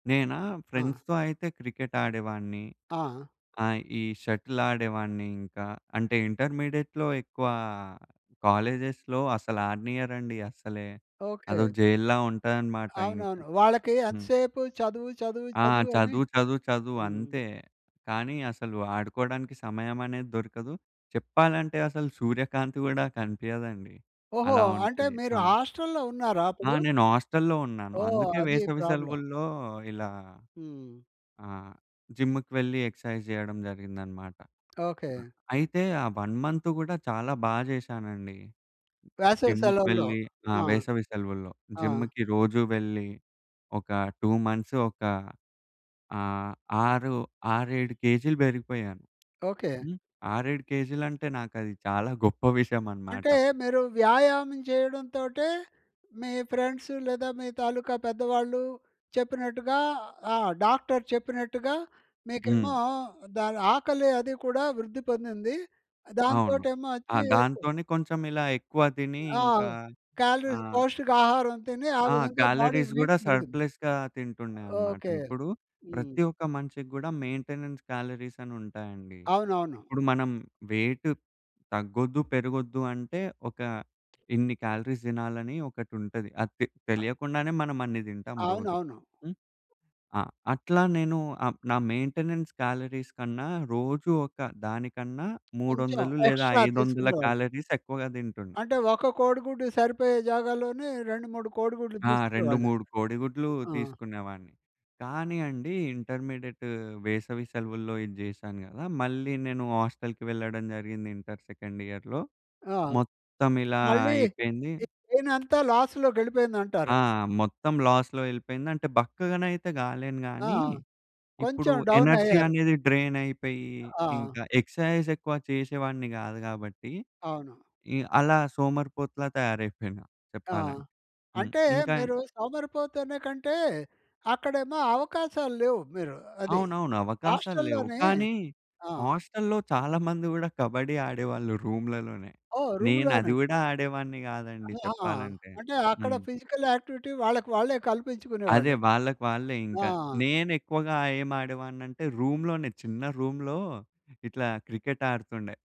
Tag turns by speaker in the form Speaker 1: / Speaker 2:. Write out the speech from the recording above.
Speaker 1: నేనా?
Speaker 2: ఆ!
Speaker 1: ఫ్రెండ్స్‌తో అయితే క్రికెట్టు ఆడేవాడిని.
Speaker 2: ఆ!
Speaker 1: ఆ! ఈ షటిల్ ఆడేవాడిని ఇంకా. అంటే ఇంటర్మీడియేట్‌లో ఎక్కువ కాలేజెస్‌లో అసలాడనీయరండి అసలే. అదో
Speaker 2: ఓకే.
Speaker 1: జైలులా ఉంటదనమాట ఇంక.
Speaker 2: అవునవును. వాళ్ళకి ఎంత
Speaker 1: హ్మ్.
Speaker 2: సేపు చదువు, చదువు,
Speaker 1: ఆ!
Speaker 2: చదువు అని
Speaker 1: చదువు, చదువు, చదువు.
Speaker 2: హ్మ్.
Speaker 1: అంతే. కానీ అసలు ఆడుకోడానికి సమయం అనేది దొరకదు. చెప్పాలంటే అసలు సూర్యకాంతి గూడా కనిపియదండి.
Speaker 2: ఓహో!
Speaker 1: అలా
Speaker 2: అంటే
Speaker 1: ఉంటది.
Speaker 2: మీరు
Speaker 1: ఆ!
Speaker 2: హాస్టల్లో ఉన్నారా
Speaker 1: ఆ!
Speaker 2: అప్పుడు?
Speaker 1: నేను హాస్టల్లో ఉన్నాను.
Speaker 2: ఓహ్!
Speaker 1: అందుకే
Speaker 2: అది
Speaker 1: వేసవి
Speaker 2: ప్రాబ్లమ్.
Speaker 1: సెలవుల్లో ఇలా
Speaker 2: హ్మ్.
Speaker 1: ఆహ్, జిమ్‌కి వెళ్లి ఎక్స్‌సైజ్ జేయడం జరిగిందన్నమాట.
Speaker 2: ఓకే.
Speaker 1: ఆహ్, అయితే ఆ 1 మంతు గూడా చాలా బా చేశానండి.
Speaker 2: వేసవి
Speaker 1: జిమ్‌కి
Speaker 2: సెలవుల్లో.
Speaker 1: వెళ్ళి ఆ!
Speaker 2: ఆ!
Speaker 1: వేసవి సెలవుల్లో.
Speaker 2: ఆ!
Speaker 1: జిమ్‌కి రోజూ వెళ్లి ఒక 2 మంత్స్ ఒక ఆహ్, ఆరు 6, 7 కేజీలు బెరిగిపోయాను.
Speaker 2: ఓకే.
Speaker 1: హ్మ్. 6, 7 కేజీలు అంటే నాకది చాలా గొప్ప విషయం అన్నమాట.
Speaker 2: అంటే మీరు వ్యాయామం చేయడం తోటే మీ ఫ్రెండ్స్ లేదా మీ తాలూకా పెద్దవాళ్ళు చెప్పినట్టుగా ఆ డాక్టర్ చెప్పినట్టుగా
Speaker 1: హ్మ్.
Speaker 2: మీకేమో దాని ఆకలి అది కూడా వృద్ధి పొందింది.
Speaker 1: అవును.
Speaker 2: దాంతోటేమో
Speaker 1: ఆ
Speaker 2: వచ్చి కొ
Speaker 1: దాంతోనే కొంచెం ఇలా ఎక్కువ దిని
Speaker 2: ఆ!
Speaker 1: ఇంకా
Speaker 2: కాలరీస్
Speaker 1: ఆహ్
Speaker 2: పౌష్టికాహారం తిని ఆ
Speaker 1: ఆ!
Speaker 2: విధంగా బాడీ
Speaker 1: కాలరీస్
Speaker 2: వెయిట్
Speaker 1: కూడా
Speaker 2: పెరిగింది.
Speaker 1: సర్ప్‌లెస్‌గా తింటుండే అన్నమాట.
Speaker 2: ఓకే.
Speaker 1: ఇప్పుడు
Speaker 2: హ్మ్.
Speaker 1: ప్రతి ఒక్క మనిషికి గూడా మెయింటెనెన్స్ కాలరీస్ అనుంటాయండి.
Speaker 2: అవునవును.
Speaker 1: ఇప్పుడు మనం వెయిట్ తగ్గొద్దు, పెరగొద్దు అంటే ఒక ఇన్ని క్యాలరీస్ దినాలని ఒకటుంటది. అది తె
Speaker 2: అ!
Speaker 1: తెలియకుండానే మనం అన్ని దింటాం రోజు.
Speaker 2: అవునవును.
Speaker 1: హ్మ్. ఆ! అట్లా నేను ఆహ్, నా మెయింటెనెన్స్ కాలరీస్ కన్నా రోజు ఒక దానికన్నా
Speaker 2: కొంచెం
Speaker 1: 300 లేదా
Speaker 2: ఎక్స్‌ట్రా
Speaker 1: ఐదొందల
Speaker 2: తీసుకునేవాళ్ళు.
Speaker 1: కాలరీస్ ఎక్కువగా దింటుండే.
Speaker 2: అంటే ఒక కోడిగుడ్డు సరిపోయే జాగాల్లోనే 2, 3 కోడిగుడ్లు
Speaker 1: ఆ!
Speaker 2: దీసుకునే
Speaker 1: రెండు
Speaker 2: వాళ్ళు.
Speaker 1: మూడు కోడిగుడ్లు
Speaker 2: ఆ!
Speaker 1: తీసుకునేవాడిని. కానీ అండి ఇంటర్మీడియేట్ వేసవి సెలవుల్లో ఇది జేశాను కదా! మళ్ళీ నేను హాస్టల్‌కి వెళ్ళడం జరిగింది ఇంటర్ సెకండ్ ఇయరులో
Speaker 2: ఆ!
Speaker 1: మొత్తం ఇలా
Speaker 2: మళ్ళీ
Speaker 1: అయిపోయింది.
Speaker 2: మీ బ్రైనంతా
Speaker 1: ఆ!
Speaker 2: లాస్‌లోకెళ్ళిపోయిందంటారు.
Speaker 1: మొత్తం లాస్‌లో ఎళ్ళిపోయింది. అంటే బక్కగనయితే గాలేను
Speaker 2: ఆ!
Speaker 1: గాని, ఇప్పుడు
Speaker 2: కొంచెం
Speaker 1: ఎనర్జీ
Speaker 2: డౌనయ్యారు.
Speaker 1: అనేది డ్రైనయిపోయి ఇంక
Speaker 2: ఆ!
Speaker 1: ఎక్స్‌సైజ్ ఎక్కువ చేసేవాడిని గాదు గాబట్టి
Speaker 2: అవును.
Speaker 1: ఇ అలా సోమరిపోతులా తయారైపోయినా
Speaker 2: ఆ!
Speaker 1: చెప్పాలం హ్మ్.
Speaker 2: అంటే
Speaker 1: ఇంకా ఏం
Speaker 2: మీరు సోమరిపోతనేకంటే అక్కడేమో అవకాశాలు లేవు మీరు అది.
Speaker 1: అవునవును. అవకాశాలు లేవు.
Speaker 2: హాస్టల్లోనే
Speaker 1: కానీ
Speaker 2: ఆ!
Speaker 1: హాస్టల్లో చాలా మంది గూడా కబడ్డీ ఆడేవాళ్ళు. రూములలోనే.
Speaker 2: ఓహ్!
Speaker 1: నేనది
Speaker 2: రూమ్‌లోనే.
Speaker 1: కూడా ఆడేవాడిని గాదండి
Speaker 2: ఆహాహా!
Speaker 1: చెప్పాలంటే.
Speaker 2: అంటే అక్కడ
Speaker 1: హ్మ్.
Speaker 2: ఫిజికల్ యాక్టివిటీ వాళ్ళకి వాళ్ళే
Speaker 1: అదే
Speaker 2: కల్పించుకునేవాళ్ళు.
Speaker 1: వాళ్ళకి వాళ్ళే ఇంక.
Speaker 2: ఆ!
Speaker 1: నేనెక్కువగా ఏం ఆడేవాడినంటే రూమ్‌లోనే చిన్న రూమ్‌లో ఇట్లా క్రికెట్ ఆడుతుండే.